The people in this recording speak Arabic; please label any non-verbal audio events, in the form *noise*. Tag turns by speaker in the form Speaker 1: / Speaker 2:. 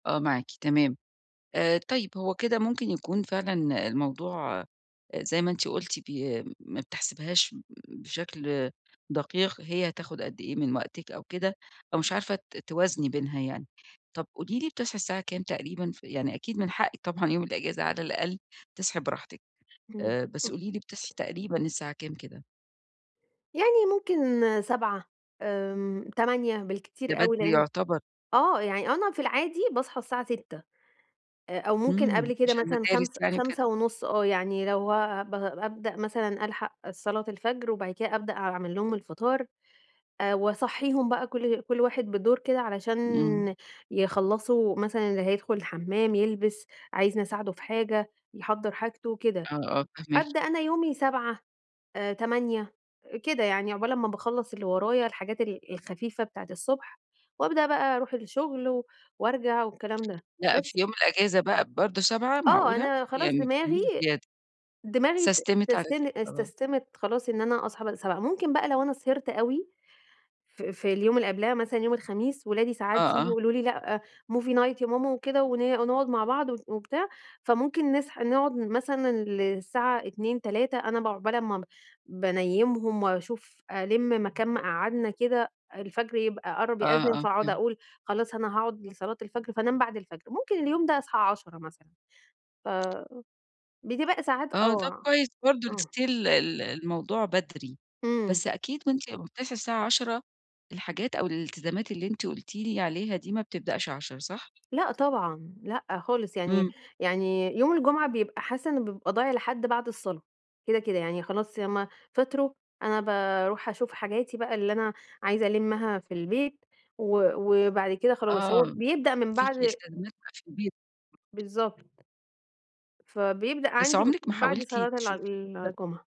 Speaker 1: آه معاكي، تمام، آآ، طيب هو كده ممكن يكون فعلًا الموضوع آآ، زي ما أنتِ قُلتِ بي ما بتحسبيهاش بشكل دقيق هي هتاخد قد إيه من وقتِك أو كده، أو مش عارفة ت توازني بينها يعني، طَب قولي لي بتصحى الساعة كام تقريبًا ف يعني أكيد من حقِّك طبعًا يوم الإجازة على الأقل تصحي براحتِك
Speaker 2: إمم.
Speaker 1: آآ، بس قولي لي بتصحي تقريبًا الساعة كام كده؟
Speaker 2: يعني ممكن 07:00 آمم، 08:00
Speaker 1: ده
Speaker 2: بالكتير أوي
Speaker 1: بدري
Speaker 2: لإنّه
Speaker 1: يُعتبر.
Speaker 2: آه يعني أنا في العادي باصحى الساعة 06:00 آآ، أو ممكن
Speaker 1: إمم،
Speaker 2: قبل كده
Speaker 1: علشان
Speaker 2: مثلًا
Speaker 1: المدارس
Speaker 2: خمس
Speaker 1: يعني وكده.
Speaker 2: خمسة ونُص آه، يعني لو آآ ب بابدأ مثلًا ألحق صلاة الفجر وبعد كده أبدأ أعمل لهم الفطار آآ، وأصحيهم بقى كُل كُل واحد بالدور كده علشان
Speaker 1: إمم.
Speaker 2: يخلّصوا مثلًا اللي هيدخل الحمّام، يلبس، عايزني أساعده في حاجة، يحضّر حاجته كده،
Speaker 1: آه، آه، فاهماكِ.
Speaker 2: أبدأ أنا يومي 07:00 آآ، 08:00 كده يعني عقبال امّا باخلّص اللي ورايا الحاجات ال الخفيفة بتاعة الصبح، وأبدأ بقى أروح الشغل وأرجع والكلام ده
Speaker 1: لأ
Speaker 2: بس.
Speaker 1: في يوم الإجازة بقى برضه 07:00
Speaker 2: آه،
Speaker 1: معقولة!
Speaker 2: أنا خلاص
Speaker 1: يعني ما
Speaker 2: دماغي
Speaker 1: بتناميش زيادة.
Speaker 2: دماغي
Speaker 1: سستِمِت على
Speaker 2: اتستن
Speaker 1: كده خلاص.
Speaker 2: اتسستمت خلاص إن أنا أصحى ب 07:00 ممكن بقى لو أنا سهرت أوي ف في اليوم اللي قبلها مثلًا يوم الخميس ولادي
Speaker 1: آه،
Speaker 2: ساعات ييجوا
Speaker 1: آه.
Speaker 2: يقولوا لي لأ movie night يا ماما وكده ون ونقعد مع بعض و وبتاع فممكن نسح نقعد مثلًا للساعة 02:00، 03:00 أنا ب عقبال أمّا ب بانيمهم وأشوف ألِم مكان ما قعدنا كده، الفجر يبقى قرّب
Speaker 1: آه،
Speaker 2: يأذن،
Speaker 1: آه،
Speaker 2: فاقعد
Speaker 1: فهمت.
Speaker 2: أقول خلاص أنا هاقعد لصلاة الفجر فأنام بعد الفجر، ممكن اليوم ده أصحى 10:00 مثلًا، فبتبقى ساعات
Speaker 1: آه، طَب
Speaker 2: آه،
Speaker 1: كويس برضه
Speaker 2: آه.
Speaker 1: still ال الموضوع بدري،
Speaker 2: إمم.
Speaker 1: بس أكيد وأنتِ بتصحى الساعة 10:00 الحاجات أو الالتزامات اللي أنتِ قُلتِ لي عليها دي ما بتبدأش 10، صح؟
Speaker 2: لأ طبعًا، لأ خالص يعني
Speaker 1: إمم.
Speaker 2: يعني يوم الجمعة بيبقى حاسّة إن بيبقى ضايع لحد بعد الصلاة، كده، كده، يعني خلاص يا إمّا فطروا أنا باروح أشوف حاجاتي بقى اللي أنا عايزة ألمّها في البيت و وبعد كده خلاص، هو
Speaker 1: آه
Speaker 2: بيبدأ من
Speaker 1: فيكِ
Speaker 2: بعد
Speaker 1: التزامات بقى في البيت.
Speaker 2: بالضبط. فبيبدأ
Speaker 1: بس
Speaker 2: عندي
Speaker 1: عُمرِك ما
Speaker 2: بعد
Speaker 1: حاولتِ
Speaker 2: صلاة الع
Speaker 1: تشوفي. *unintelligible*
Speaker 2: الجُمعة.